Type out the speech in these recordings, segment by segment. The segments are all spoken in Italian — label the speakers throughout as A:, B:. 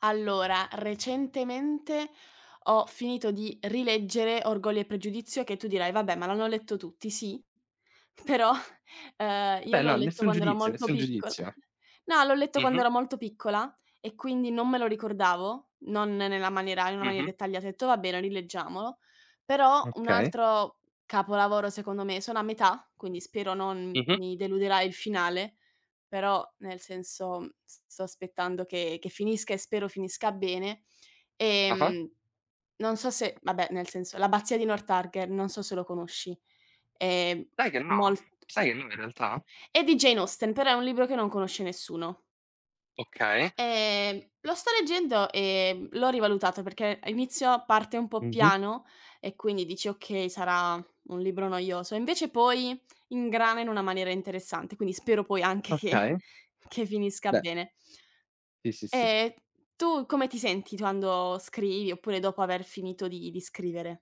A: Allora, recentemente ho finito di rileggere "Orgoglio e pregiudizio", che tu dirai: "Vabbè, ma l'hanno letto tutti". Sì, però, uhm, io
B: Vabbè
A: l'ho
B: no,
A: letto
B: nessun
A: quando ero
B: giudizio,
A: molto
B: nessun
A: piccol
B: giudizio.
A: no, l'ho letto quando
B: Mh-mh.
A: ero molto piccola e quindi non me lo ricordavo, non nella maniera in una maniera
B: Mh-mh.
A: dettagliata. Ho detto: "Va bene, rileggiamolo". Però un
B: Okay.
A: altro capolavoro secondo me, sono a metà, quindi spero non
B: Mh-mh.
A: mi deluderà il finale, però nel senso, mhmm, s sto aspettando che che finisca e spero finisca bene.
B: Ah-ah.
A: Ehm, non so se vabbè, nel senso, "L'abbazia di Northanger", non so se lo conosci. Ehm,
B: Sai che, no.
A: molt
B: Sai che, no, in realtà.
A: è di Jane Austen, però è un libro che non conosce nessuno.
B: Okay.
A: Ehm, lo sto leggendo, ehm, l'ho rivalutato perché a inizio parte un po'
B: Mh-mh.
A: piano e quindi dici: "Okay, sarà un libro noioso". E invece poi ingrana in una maniera interessante, quindi spero poi anche che
B: Okay.
A: che finisca
B: Beh.
A: bene.
B: Sì, sì, sì.
A: Ehm, tu come ti senti quando scrivi oppure dopo aver finito di di scrivere?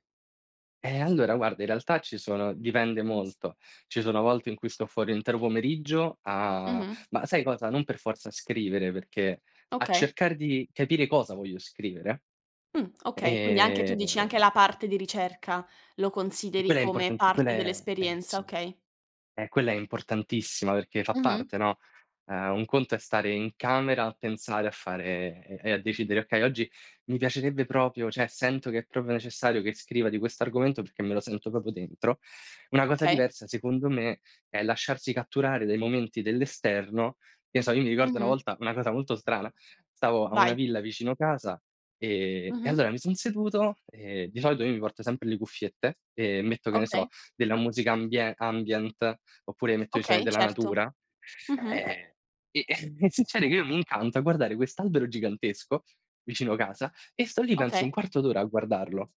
B: Eh, allora guarda in realtà ci sono dipende molto. Ci sono volte in cui sto fuori un intero pomeriggio a
A: Mh-mh.
B: ma sai cosa, non per forza a scrivere, perché a
A: Okay.
B: cercare di capire cosa voglio scrivere.
A: Mh, okay, quindi anche tu dici
B: Ehm
A: anche la parte di ricerca lo
B: e
A: consideri
B: quella è
A: come
B: importanti quella
A: parte
B: è eh,
A: dell'esperienza,
B: sì.
A: okay.
B: Eh, quella è importantissima perché fa
A: Mh-mh.
B: parte, no: uhm, un conto è stare in camera a pensare, a fare e e a decidere: "Okay, oggi mi piacerebbe proprio, cioè sento che è proprio necessario che scriva di questo argomento perché me lo sento proprio dentro." Una cosa
A: Ok.
B: diversa, secondo me, è lasciarsi catturare dai momenti dell'esterno. Che so, io mi ricordo una
A: Mh-mh.
B: volta una cosa molto strana, stavo a
A: Vai.
B: una villa vicino casa, ehm, e
A: Mh-mh.
B: allora mi son seduto, ehm, di solito io mi porto sempre le cuffiette e metto, che ne so,
A: Okay.
B: della musica ambie ambient, oppure metto i suoni
A: Okay,
B: della
A: certo.
B: natura,
A: Mh-mh.
B: e e e e succede che io mi incanto a guardare quest'albero gigantesco vicino casa e sto lì penso un
A: Okay.
B: quarto d'ora a guardarlo.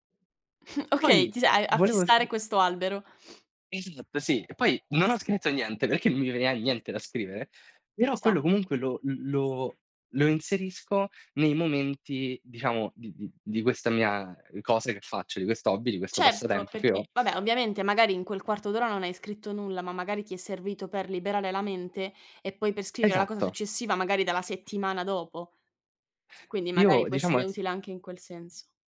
A: Okay,
B: Poi,
A: ti s hai a
B: volevo s
A: fissare questo albero.
B: Esatto, sì. E poi non ho scritto niente perché non mi veniva niente da scrivere,
A: Ci
B: però
A: sta.
B: quello comunque lo l lo lo inserisco nei momenti diciamo di di di questa mia, ehm, cosa che faccio, di questo hobby, di questo
A: Certo,
B: passatempo che ho.
A: perché vabbè, ovviamente magari in quel quarto d'ora non hai scritto nulla, ma magari ti è servito per liberare la mente e poi per scrivere la cosa
B: Esatto.
A: successiva magari dalla settimana dopo. Quindi magari
B: Io
A: può
B: diciamo
A: essere
B: esse
A: utile anche in quel senso.